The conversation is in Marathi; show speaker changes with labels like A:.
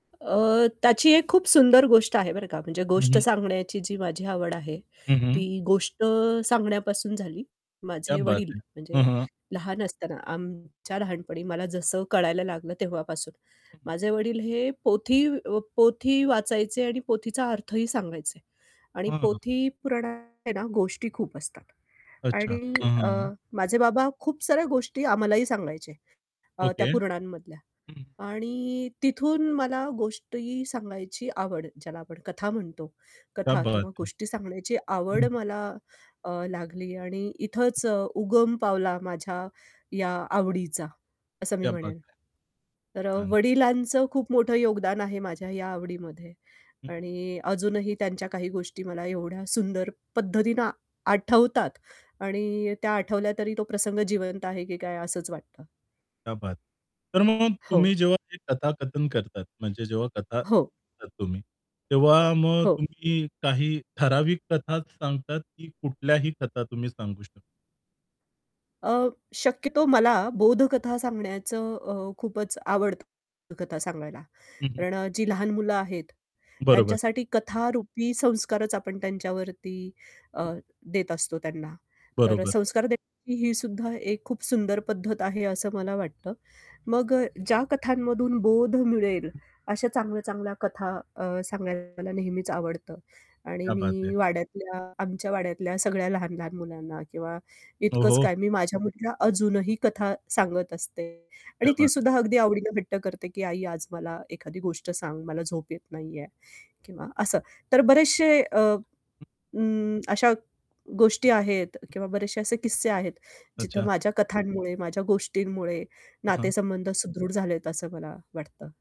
A: अ, त्याची एक खूप सुंदर गोष्ट आहे बरं का. म्हणजे
B: हं,
A: गोष्ट
B: हं.
A: सांगण्याची जी माझी आवड आहे,
B: हं, हं.
A: ती गोष्ट सांगण्यापासून झाली.
B: क्या
A: माझे
B: बात
A: वडील,
B: है.
A: म्हणजे
B: हं, हं.
A: लहान असताना, आमच्या लहानपणी मला जसं कळायला लागलं तेव्हापासून.
B: हं, हं.
A: माझे वडील हे पोथी अ, पोथी वाचायचे आणि पोथीचा अर्थही सांगायचे. आणि
B: हां.
A: पोथी पुराणात आहे ना, गोष्टी खूप असतात.
B: अच्छा.
A: आणि
B: हां, हां,
A: अ,
B: हां.
A: माझे बाबा खूप साऱ्या गोष्टी आम्हालाही सांगायचे अ, त्या
B: ओके.
A: पुराणांमधल्या.
B: हं.
A: आणि तिथून मला गोष्टी सांगायची आवड, ज्याला आपण कथा म्हणतो,
B: क्या
A: कथा
B: बात
A: किंवा
B: है.
A: गोष्टी सांगण्याची आवड
B: हं.
A: मला अ, लागली आणि इथंच अ, उगम पावला माझ्या या आवडीचा, असं मी
B: क्या बात
A: म्हणेन.
B: है.
A: तर अ,
B: छान, छान.
A: वडिलांचं खूप मोठं योगदान आहे माझ्या या आवडीमध्ये.
B: हं.
A: आणि अजूनही त्यांच्या काही गोष्टी मला एवढ्या सुंदर पद्धतीनं आठवतात आणि त्या आठवल्या तरी तो प्रसंग जिवंत आहे की काय, असंच वाटतं.
B: क्या बात. तर मग तुम्ही
A: हो.
B: जेव्हा हे कथाकथन करतात, म्हणजे जेव्हा कथा
A: हो.
B: सांगता तुम्ही, तेव्हा मग
A: हो.
B: तुम्ही काही ठराविक कथाच सांगतात, की कुठल्याही कथा तुम्ही सांगू शकता?
A: अ, शक्यतो मला बोधकथा सांगण्याचं अ, खूपच आवडतं कथा सांगायला.
B: हं, हं.
A: कारण अ, जी लहान मुलं आहेत,
B: बरोबर.
A: त्यांच्यासाठी कथा रुपी संस्कारच आपण त्यांच्यावरती अ,
B: हं.
A: देत असतो त्यांना. तर अ,
B: बरोबर.
A: संस्कार देण्याची ही सुद्धा एक खूप सुंदर पद्धत आहे असं मला वाटतं. मग अ, ज्या कथांमधून बोध मिळेल,
B: हं.
A: अशा चांगल्या-चांगल्या कथा अ, सांगायला नेहमीच आवडतं. आणि
B: क्या बात
A: मी
B: है.
A: वाड्यातल्या, आमच्या वाड्यातल्या सगळ्या लहान-लहान मुलांना, किंवा इतकंच
B: ओहो!
A: काय, मी माझ्या मुलीला अजूनही कथा सांगत असते.
B: क्या
A: आणि ती
B: बात है.
A: सुद्धा अगदी आवडीनं हट्ट करते, की "आई आज मला एखादी गोष्ट सांग, मला झोप येत नाहीये" किंवा असं. तर बरेचशे अ, अ, अशा गोष्टी आहेत, किंवा बरेचशे असे किस्से आहेत. जिथं
B: अच्छा.
A: माझ्या कथांमुळे, माझ्या गोष्टींमुळे
B: हां, हां.
A: नातेसंबंध सुदृढ झालेत, असं मला वाटतं.